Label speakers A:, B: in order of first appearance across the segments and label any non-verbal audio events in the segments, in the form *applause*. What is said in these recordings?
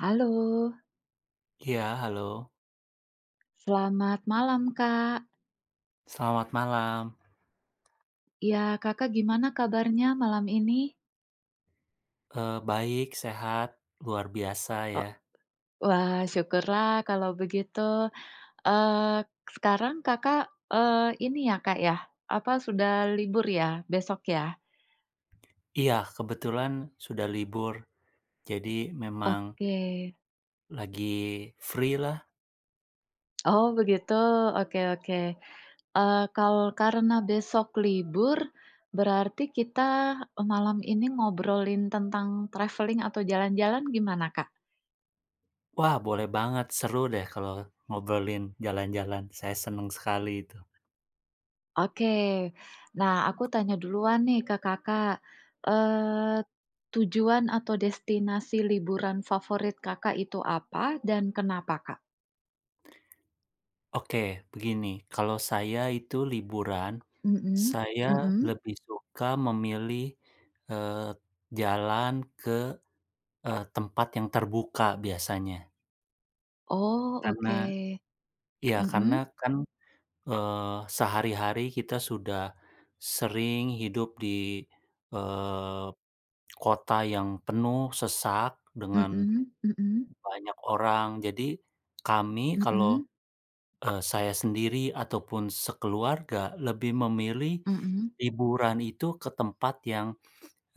A: Halo.
B: Iya, halo.
A: Selamat malam, Kak.
B: Selamat malam.
A: Iya, Kakak gimana kabarnya malam ini?
B: Eee, baik, sehat, luar biasa
A: Oh
B: ya.
A: wah, syukurlah kalau begitu, eee, sekarang Kakak, eee, ini ya, Kak, ya, apa, sudah libur ya, besok ya?
B: Iya, kebetulan sudah libur. Jadi, memang
A: Oke.
B: lagi, free-lah.
A: Oh, begitu? Oke oke, eee, kalau karena besok libur, berarti kita, eee, malam ini ngobrolin tentang travelling atau jalan-jalan, gimana, Kak?
B: Wah, boleh banget, seru deh, kalau ngobrolin jalan-jalan, saya senang sekali itu.
A: Oke. Nah, aku tanya duluan nih ke Kakak, eee, tujuan atau destinasi liburan favorit Kakak itu apa dan kenapa, Kak?
B: *clicks tongue* Oke, begini, kalau saya itu liburan.
A: Mhm?
B: Saya
A: Mhm?
B: lebih suka memilih, eee, jalan ke, e tempat yang terbuka, biasanya.
A: Oh,
B: Karena
A: oke.
B: iya, karena
A: Mhm?
B: kan, eee, sehari-hari kita sudah sering hidup di, eee, kota yang penuh sesak dengan
A: Mhm mhm.
B: banyak orang. Jadi, kami kalau,
A: Mhm?
B: e saya sendiri, ataupun sekeluarga lebih memilih,
A: Mhm.
B: liburan itu ke tempat yang,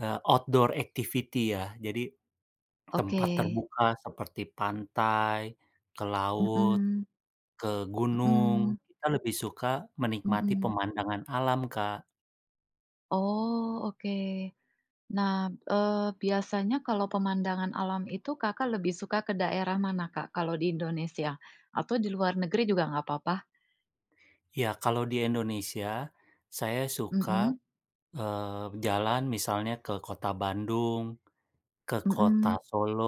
B: e outdoor activity, ya. Jadi, tempat
A: Oke.
B: terbuka seperti pantai, ke laut,
A: Mhm.
B: ke gunung,
A: Mhm.
B: kita lebih suka menikmati
A: Mhm.
B: pemandangan alam, Kak.
A: Oh, oke. Nah, eee, biasanya kalau pemandangan alam itu Kakak lebih suka ke daerah mana Kak, kalau di Indonesia? Atau di luar negeri juga nggak apa-apa?
B: Ya kalau di Indonesia, saya suka,
A: Mhm?
B: eee, jalan misalnya ke Kota Bandung, ke Kota
A: Mhm.
B: Solo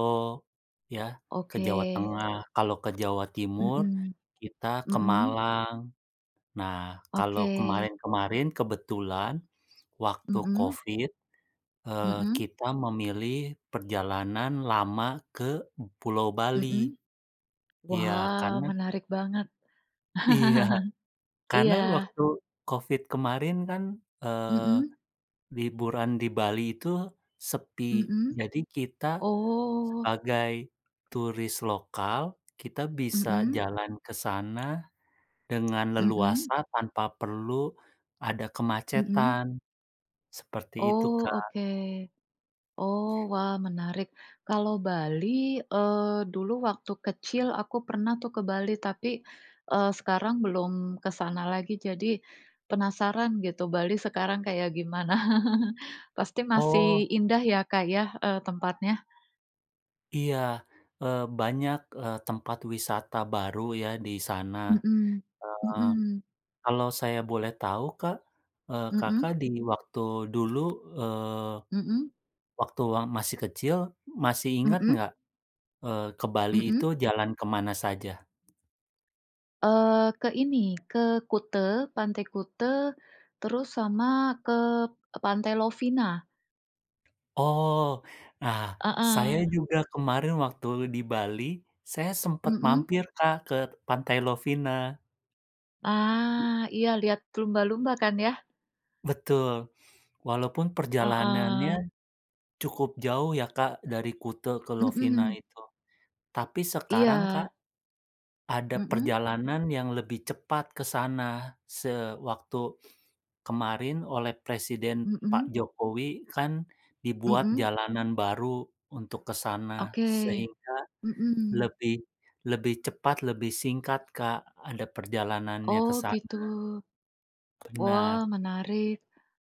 B: ya, ke Jawa
A: Oke.
B: Tengah, kalau ke Jawa Timur
A: Mhm.
B: kita ke
A: Mhm?
B: Malang. Nah, kalau
A: Oke.
B: kemarin-kemarin kebetulan waktu
A: Mhm?
B: covid, eee,
A: Mhm?
B: kita memilih perjalanan lama ke Pulau Bali.
A: Mhm?
B: Ya,
A: Wah,
B: karena
A: menarik banget.
B: Iya,
A: *chuckles*
B: karena
A: Iya.
B: waktu covid kemarin kan, eee,
A: Mhm?
B: liburan di Bali itu sepi.
A: Mhm?
B: Jadi kita
A: Oh.
B: sebagai turis lokal, kita bisa
A: Mhm?
B: jalan ke sana dengan leluasa
A: Mhm?
B: tanpa perlu ada
A: Mhm?
B: kemacetan, seperti itu
A: Oh,
B: Kak.
A: oke. Oh wah, menarik. Kalau Bali, eee, dulu waktu kecil aku pernah tuh ke Bali, tapi, eee, sekarang belum kesana lagi. Jadi, penasaran gitu, Bali sekarang kayak gimana. *chuckles* Pasti
B: Oh.
A: masih indah ya, Kak, ya, e tempatnya?
B: Iya, eee, banyak, eee, tempat wisata baru ya di sana.
A: Mhm
B: Eee,
A: mhm.
B: kalau saya boleh tahu, Kak, eee, Kakak
A: Mhm?
B: di waktu dulu, eee,
A: Mhm.
B: waktu masih kecil, masih inget
A: Mhm.
B: nggak, eee, ke Bali itu
A: Mhm.
B: jalan ke mana saja?
A: Eee, ke ini, ke Kute Pantai Kute, terus sama ke Pantai Lovina.
B: Oh. Nah, saya
A: Heeh.
B: juga kemarin waktu di Bali, saya sempet
A: Mhm.
B: mampir Kak ke Pantai Lovina.
A: Ah, iya, lihat lumba-lumba kan, ya?
B: Betul. Walaupun
A: Heeh.
B: perjalanannya cukup jauh, ya, Kak, dari Kute ke Lovina
A: Mhm.
B: itu. Tapi, sekarang
A: Iya.
B: Kak, ada
A: Mhm.
B: perjalanan yang lebih cepat ke sana. Sewaktu kemarin oleh Presiden Pak
A: Mhm.
B: Jokowi kan dibuat
A: Mhm.
B: jalanan baru untuk ke sana,
A: Oke.
B: sehingga
A: Mhm.
B: lebih lebih cepat, lebih singkat, Kak, ada perjalanannya ke
A: Oh, gitu.
B: sana. Benar.
A: Wah, menarik.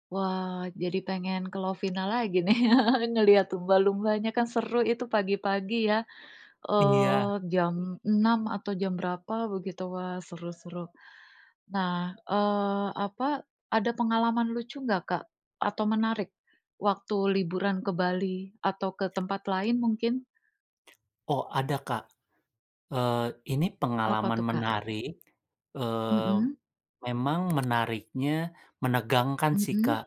A: Wah, jadi pengen ke Lovina lagi nih, *laughs* ngelihat lumba-lumbanya kan seru itu, pagi-pagi, ya,
B: Iya.
A: eee, jam 6, atau jam berapa begitu. Wah, seru seru. Nah, eee, apa, ada pengalaman lucu nggak, Kak? Atau menarik waktu liburan ke Bali, atau ke tempat lain mungkin?
B: *clicks tongue* Oh, ada, Kak, eee, ini
A: Apa
B: pengalaman
A: tuh, Kak?
B: menarik. Eee,
A: Mhm.
B: memang menariknya menegangkan sih,
A: Mhm.
B: Kak.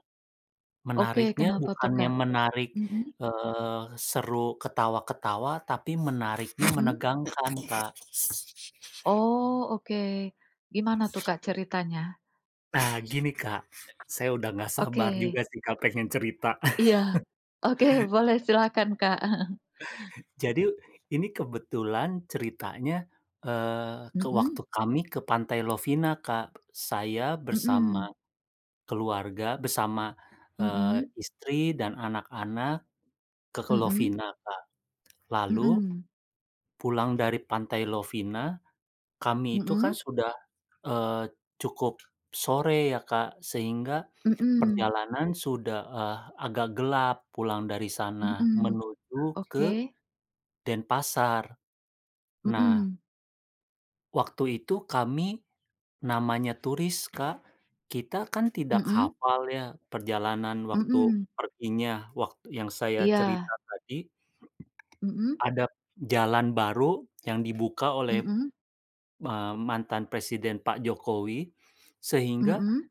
A: Oke,
B: Menariknya
A: kenapa tuh,
B: bukan
A: Kak?
B: yang menarik,
A: Mhm.
B: eee, seru ketawa-ketawa, tapi menariknya
A: Mhm.
B: menegangkan, Kak.
A: Oh, oke. Gimana tuh, Kak, ceritanya?
B: Nah gini, Kak, saya udah enggak
A: Oke.
B: sabar juga sih, Kak, pengen cerita.
A: Iya.
B: *chuckles*
A: Oke, boleh, silakan, Kak. *chuckles*
B: Jadi ini kebetulan ceritanya, eee, ke
A: Mhm.
B: waktu kami ke Pantai Lovina, Kak. Saya
A: Mhm.
B: bersama keluarga bersama, eee,
A: Mhm.
B: istri dan anak-anak ke ke
A: Mhm.
B: Lovina, Kak. Lalu
A: Mhm.
B: pulang dari Pantai Lovina kami itu kan
A: Mhm.
B: sudah, eee, cukup sore ya, Kak, sehingga
A: Mhm.
B: perjalanan sudah, eh, agak gelap pulang dari sana
A: Mhm,
B: menuju ke
A: oke.
B: Denpasar. Nah
A: Mhm.
B: Waktu itu kami namanya turis, Kak. Kita kan tidak
A: Mmm.
B: hafal ya perjalanan waktu
A: Mmm.
B: perginya waktu yang saya
A: Iya.
B: cerita tadi.
A: Mmm.
B: Ada jalan baru yang dibuka oleh,
A: Mmm.
B: eee, mantan Presiden Pak Jokowi sehingga
A: Mmm.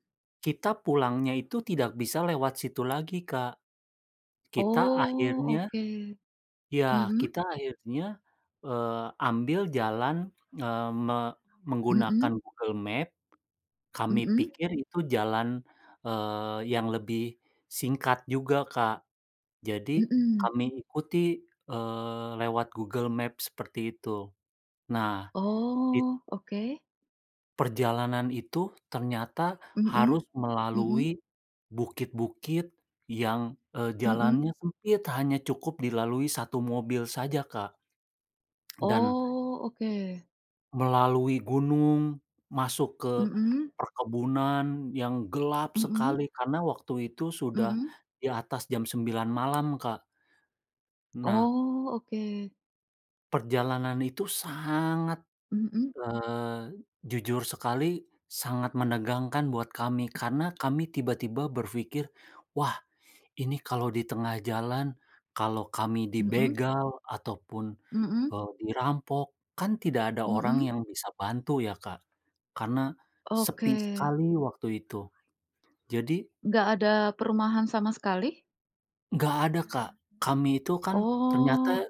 B: kita pulangnya itu tidak bisa lewat situ lagi, Kak. Kita
A: Oh,
B: akhirnya
A: oke.
B: ya,
A: Mmm.
B: kita akhirnya, eee, ambil jalan, eee, me
A: Mmm.
B: menggunakan Google Maps. Kami
A: Mmm.
B: pikir itu jalan, eee, yang lebih singkat juga, Kak. Jadi
A: Mmm.
B: kami ikuti, eee, lewat Google Maps seperti itu. Nah it
A: Oh, oke.
B: Perjalanan itu ternyata
A: Mmm
B: harus
A: mmm.
B: melalui bukit-bukit yang, eee, jalannya
A: Mmm.
B: sempit hanya cukup dilalui 1 mobil saja, Kak. *clicks tongue* Dan
A: Oh, oke.
B: Melalui gunung masuk ke
A: Mmm.
B: perkebunan yang gelap
A: Mmm.
B: sekali karena waktu itu sudah
A: Mmm.
B: di atas jam 9.00 malam, Kak. Nah
A: Oh, oke.
B: Perjalanan itu sangat
A: Mmm.
B: eee, jujur sekali sangat menegangkan buat kami karena kami tiba-tiba berpikir, "Wah, ini kalau di tengah jalan, kalau kami
A: Mmm.
B: dibegal ataupun,
A: Mhm.
B: eee, dirampok kan tidak ada orang
A: Mmm.
B: yang bisa bantu," ya, Kak, karena sepi
A: Oke.
B: sekali waktu itu. Jadi
A: Nggak ada perumahan sama sekali?
B: Nggak ada, Kak. Kami itu kan ternyata
A: Oh.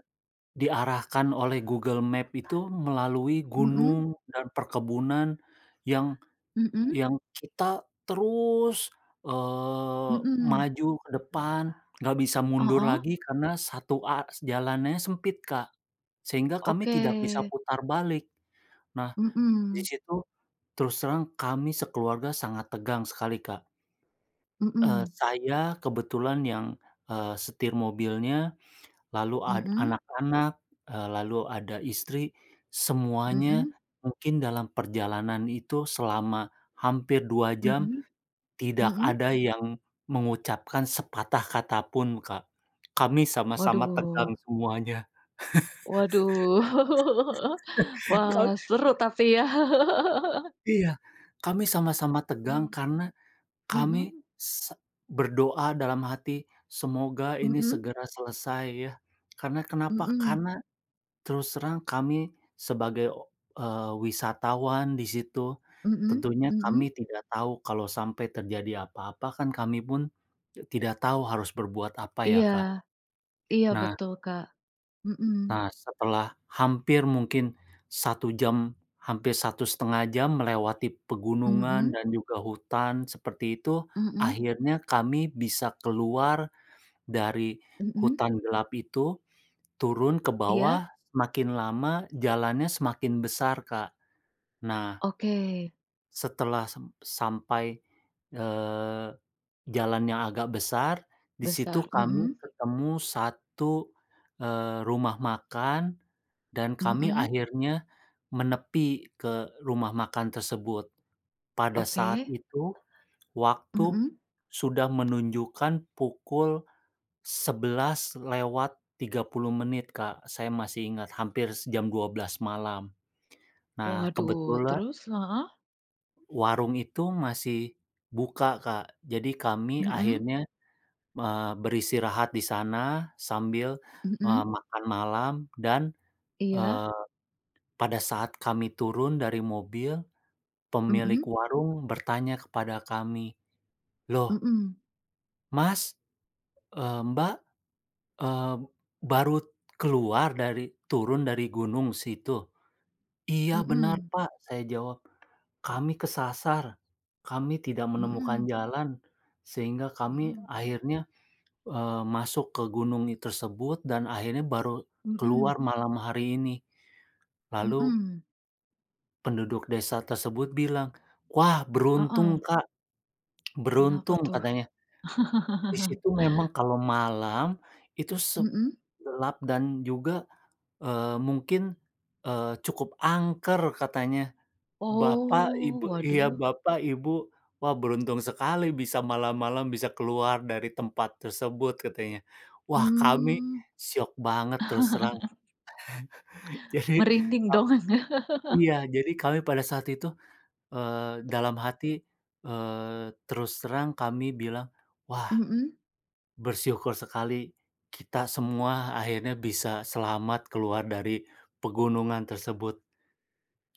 B: diarahkan oleh Google Maps itu melalui
A: Mmm.
B: gunung dan perkebunan yang
A: Mmm.
B: yang kita terus, eee,
A: Mhm.
B: maju ke depan enggak bisa mundur
A: Heeh.
B: lagi karena satu a jalannya sempit, Kak, sehingga kami
A: Oke.
B: tidak bisa putar balik. Nah, di
A: Mmm.
B: situ terus terang kami sekeluarga sangat tegang sekali, Kak. Eee,
A: Mmm.
B: saya kebetulan yang, eee, setir mobilnya lalu a
A: Mhm.
B: anak-anak, eee, lalu ada istri, semuanya
A: Mmm.
B: mungkin dalam perjalanan itu selama hampir 2 jam
A: Mmm.
B: tidak
A: Mmm.
B: ada yang mengucapkan sepatah kata pun, Kak, kami sama-sama
A: Waduh.
B: tegang semuanya.
A: Waduh. *chuckles*
B: *chuckles*
A: Wah,
B: Ok
A: seru tapi ya. *chuckles*
B: Iya, kami sama-sama tegang
A: Mhm.
B: karena kami
A: Mhm.
B: se berdoa dalam hati, "Semoga ini
A: Mmm.
B: segera selesai," ya. Karena kenapa?
A: Mmm.
B: Karena terus terang kami sebagai, eee, wisatawan di situ
A: Mmm
B: tentunya kami
A: mmm.
B: tidak tahu kalau sampai terjadi apa-apa kan kami pun tidak tahu harus berbuat apa ya,
A: Iya.
B: Kak.
A: Iya
B: Nah
A: betul, Kak. Mmm.
B: Nah, setelah hampir mungkin 1 jam, hampir 1,5 jam melewati pegunungan
A: Mmm.
B: dan juga hutan seperti itu.
A: Mhm.
B: Akhirnya kami bisa keluar dari
A: Mmm.
B: hutan gelap itu turun ke
A: Iya.
B: bawah semakin lama jalannya semakin besar, Kak. Nah
A: Oke.
B: Setelah sem sampai, eee, jalan yang agak besar. Di situ
A: Besar.
B: kami
A: Mhm.
B: ketemu 1, eee, rumah makan dan kami
A: Mhm.
B: akhirnya menepi ke rumah makan tersebut. Pada saat
A: Oke.
B: itu waktu
A: Mhm.
B: sudah menunjukkan pukul 11:30 menit, Kak, saya masih ingat hampir se jam 12.00 malam. Nah,
A: Waduh,
B: kebetulan
A: terus? Heeh.
B: warung itu masih buka, Kak. Jadi kami
A: Mhm.
B: akhirnya, eee, beristirahat di sana sambil, eee,
A: Mhm.
B: makan malam dan,
A: Iya.
B: eee, pada saat kami turun dari mobil, pemilik
A: Mhm.
B: warung bertanya kepada kami, "Loh"
A: Mhm.
B: "Mas, eee, Mbak, eee, baru keluar dari turun dari gunung situ?" "Iya benar,
A: Mhm.
B: Pak." Saya jawab, "Kami kesasar, kami tidak menemukan
A: Mhm.
B: jalan sehingga kami
A: Mhm.
B: akhirnya, eee, masuk ke gunung i tersebut dan akhirnya baru
A: Mhm.
B: keluar malam hari ini." Lalu
A: Mhm.
B: Penduduk desa tersebut bilang, "Wah,
A: Heeh.
B: beruntung, Kak!" *smacks lips*
A: Kenapa
B: Beruntung
A: tuh?
B: katanya. Di
A: *laughs*
B: situ memang kalau malam itu
A: Mhm.
B: segelap, dan juga, eee, mungkin, eee, cukup angker, katanya. "Bapak,
A: Oh,
B: ibu" iya,
A: waduh.
B: "Bapak, ibu, wah beruntung sekali bisa malam-malam bisa keluar dari tempat tersebut." Katanya. Wah, kami
A: Mmm.
B: syok banget terus terang.
A: *laughs*
B: *chuckles* Jadi
A: Merinding
B: ka
A: dong, Anda? *laughs*
B: iya. Jadi, kami pada saat itu, eee, dalam hati, eee, terus terang kami bilang, "Wah!
A: Mhm.
B: Bersyukur sekali. Kita semua akhirnya bisa selamat keluar dari pegunungan tersebut."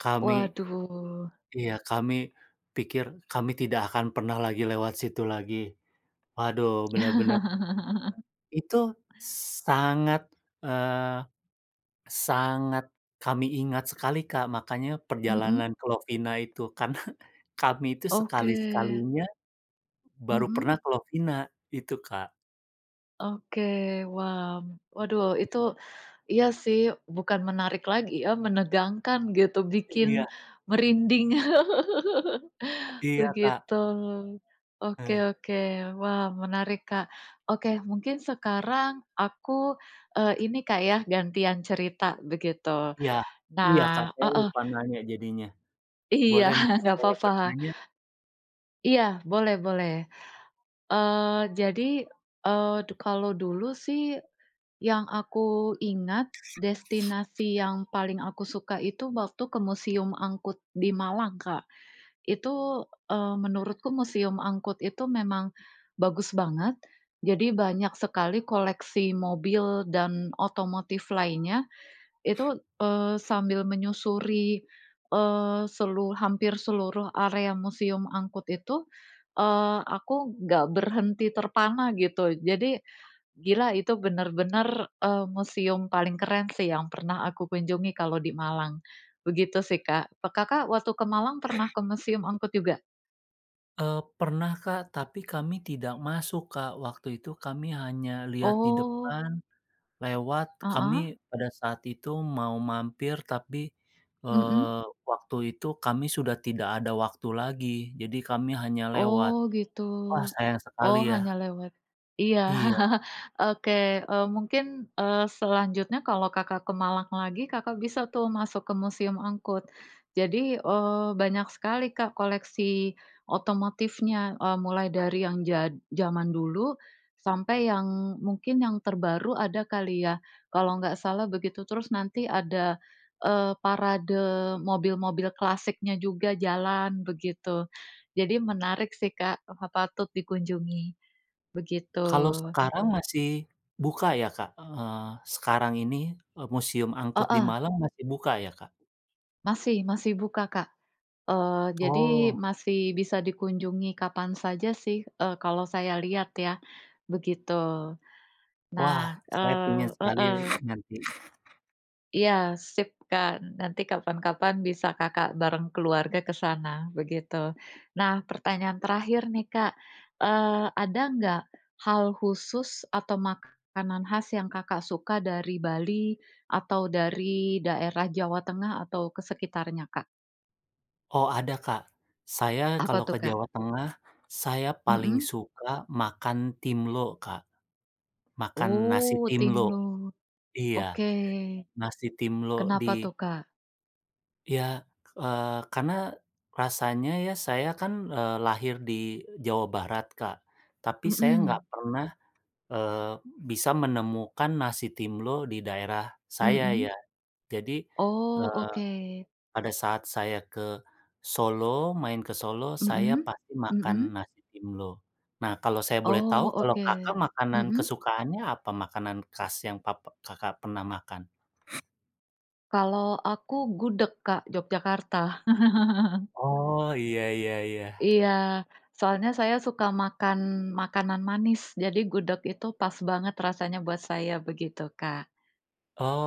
B: Kami
A: Waduh.
B: iya. Kami pikir kami tidak akan pernah lagi lewat situ lagi. Waduh, bener-bener
A: *laughs*
B: Itu sangat eee, sangat kami ingat sekali, Kak. Makanya
A: Mhm.
B: perjalanan ke Lovina itu. Karena kami itu
A: Oke.
B: sekali-sekalinya baru pernah
A: Mhm.
B: ke Lovina. Itu, Kak.
A: Oke, wah. Waduh, itu, iya, sih, bukan menarik lagi, ya, menegangkan gitu, bikin
B: Iya.
A: merinding. *laughs*
B: Iya, Kak.
A: Begitu. Oke
B: Heeh.
A: oke. Wah, menarik, Kak. Oke, mungkin sekarang aku, eee, ini Kak, ya, gantian cerita begitu.
B: Iya. Iya, Kak,
A: Nah
B: saya
A: heeh.
B: lupa nanya jadinya.
A: Iya,
B: Boleh mungkin
A: enggak
B: saya
A: apa-apa.
B: bertanya?
A: Iya, boleh boleh. Eee, jadi, eee, du kalau dulu sih yang aku ingat, destinasi yang paling aku suka itu waktu ke Museum Angkut di Malang, Kak. Itu, eee, menurutku Museum Angkut itu memang bagus banget, jadi banyak sekali koleksi mobil dan otomotif lainnya, itu, eee, sambil menyusuri, eee, selu hampir seluruh area Museum Angkut itu, eee, aku enggak berhenti terpana gitu. Jadi gila, itu benar-benar, eee, museum paling keren sih yang pernah aku kunjungi kalau di Malang. Begitu sih, Kak. Pe Kakak waktu ke Malang pernah ke Museum Angkut juga?
B: Eee, pernah, Kak. Tapi kami tidak masuk, Kak. Waktu itu kami hanya lihat di
A: Oh.
B: depan, lewat, kami
A: Heeh?
B: pada saat itu mau mampir, tapi,
A: Mhm.
B: eee, waktu itu kami sudah tidak ada waktu lagi. Jadi, kami hanya lewat.
A: Oh, gitu.
B: Wah, sayang sekali,
A: Oh,
B: ya?
A: hanya lewat. Iya.
B: Iya.
A: *chuckles* Oke, eee, mungkin, eee, selanjutnya kalau Kakak ke Malang lagi, Kakak bisa tuh masuk ke Museum Angkut. Jadi, eee, banyak sekali Kak koleksi otomotifnya. Eee, mulai dari yang jad jaman dulu, sampai yang mungkin yang terbaru ada kali ya, kalau nggak salah begitu. Terus nanti ada, eee, parade mobil-mobil klasiknya juga, jalan, begitu. Jadi, menarik sih, Kak, eh, patut dikunjungi, begitu.
B: Kalau sekarang masih buka ya, Kak? Eee, sekarang ini, e Museum Angkut di
A: Heeh.
B: Malang masih buka ya, Kak?
A: Masih masih buka, Kak. Eee, jadi
B: Oh.
A: masih bisa dikunjungi kapan saja sih, eee, kalau saya lihat ya, begitu.
B: Wah,
A: Nah
B: saya pengen
A: eee,
B: sekali ya,
A: heeh.
B: nanti.
A: Iya, sip kan. Nanti kapan-kapan bisa Kakak bareng keluarga ke sana begitu. Nah, pertanyaan terakhir nih, Kak, eee, ada nggak hal khusus atau makanan khas yang Kakak suka dari Bali atau dari daerah Jawa Tengah atau ke sekitarnya, Kak?
B: Oh, ada, Kak. Saya
A: Apa
B: kalau
A: tuh,
B: ke
A: Kak?
B: Jawa Tengah saya paling
A: Mmm.
B: suka makan timlo, Kak. Makan nasi
A: Oh,
B: timlo.
A: timlo.
B: Iya,
A: Oke.
B: Nasi timlo
A: Kenapa
B: di
A: tuh, Kak?
B: Ya, eee, karena rasanya ya saya kan, eee, lahir di Jawa Barat, Kak. Tapi, saya nggak
A: Mmm.
B: pernah, eee, bisa menemukan nasi timlo di daerah saya
A: Mmm.
B: ya. Jadi,
A: Oh,
B: eee,
A: oke.
B: pada saat saya ke Solo, main ke Solo saya
A: Mmm
B: pasti makan
A: mmm.
B: nasi timlo. Nah, Kalau saya boleh tahu,
A: Oh,
B: kalau Kakak
A: oke.
B: makanan
A: Mmm.
B: kesukaannya apa? Makanan khas yang pape Kakak pernah makan?
A: Kalau aku gudeg, Kak, Yogyakarta. *chuckles*
B: Oh. Iya iya iya.
A: Iya, soalnya saya suka makan makanan manis, jadi gudeg itu pas banget rasanya buat saya begitu, Kak.
B: Oh.